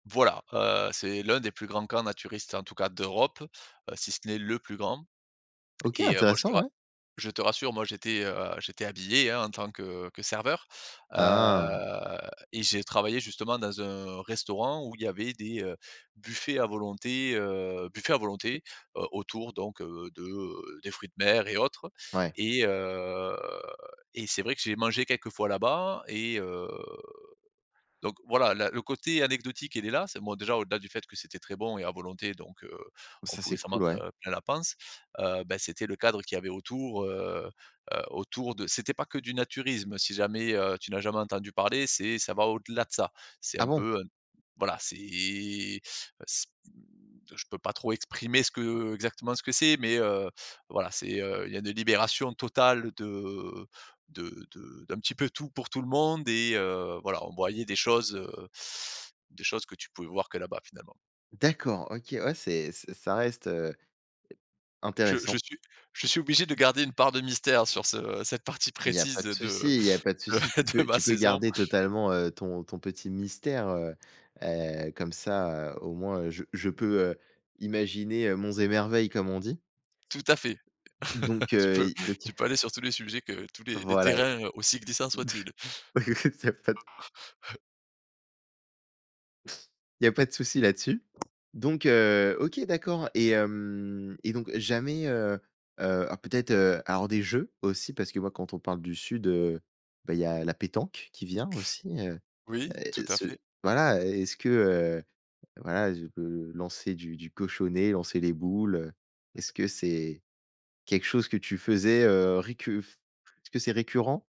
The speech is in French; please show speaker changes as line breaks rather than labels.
Voilà, heu, c'est l'un des plus grands camps naturistes, en tout cas d'Europe, heu, si ce n'est le plus grand.
OK,
Et moi, je te
intéressant,
ra
ouais.
je te rassure, moi j'étais, heu, j'étais habillé, hein, en tant que que serveur,
Ah.
heu, et j'ai travaillé, justement, dans un restaurant où il y avait des, heu, buffets à volonté, heu, buffets à volonté, heu, autour donc, heu, de des fruits de mer et autres.
Ouais.
Et, heu, et c'est vrai que j'ai mangé quelques fois là-bas et, heu, donc voilà, la le côté anecdotique, il est là. C'est bon, déjà, au-delà du fait que c'était très bon et à volonté, donc, heu, on
Ça,
pouvait
c'est
s'en
cool,
mettre
ouais.
heu, plein la panse, heu, bah c'était le cadre qu'il y avait autour, heu, heu, autour de c'était pas que du naturisme. Si jamais, heu, tu n'as jamais entendu parler, c'est ça va au-delà de ça. C'est
Ah
un
bon?
peu, heu, voilà, c'est, heu, c' mmh, je peux pas trop exprimer ce que exactement ce que c'est, mais, heu, voilà, c'est, heu, il y a une libération totale de de de d'un petit peu tout pour tout le monde, et, heu, voilà, on voyait des choses, heu, des choses que tu pouvais voir que là-bas, finalement.
D'accord, OK, ouais, c'est ç ça reste, heu e
Je je
intéressant.
suis je suis obligé de garder une part de mystère sur ce cette partie
Il y a
précise
pas de
de de
souci, il y a pas de souci. Tu
de
peux
ma
tu peux
saison.
garder totalement, heu, ton ton petit mystère, heu heu, comme ça, heu, au moins je je peux, heu, imaginer, heu, monts et merveilles, comme on dit.
Tout à fait,
Donc,
tu
heu,
peux
donc
tu peux
[unintelligible]
aller sur tous les sujets que tous les les
Voilà, et
terrains, heu, aussi glissants soient-ils.
bah écoute, il y a pas de Il y a pas de souci là-dessus. Donc, heu, OK, d'accord et, hem, et donc jamais, heu heu alors peut-être, heu, alors des jeux, aussi. Parce que moi, quand on parle du sud, heu, bah, il y a la pétanque, qui vient, aussi, heu,
Oui, tout à
ce
fait.
voilà, est-ce que, heu, voilà, je peux lancer du du cochonnet, lancer les boules, heu, est-ce que c'est quelque chose que tu faisais, heu, récu f est-ce que c'est récurrent?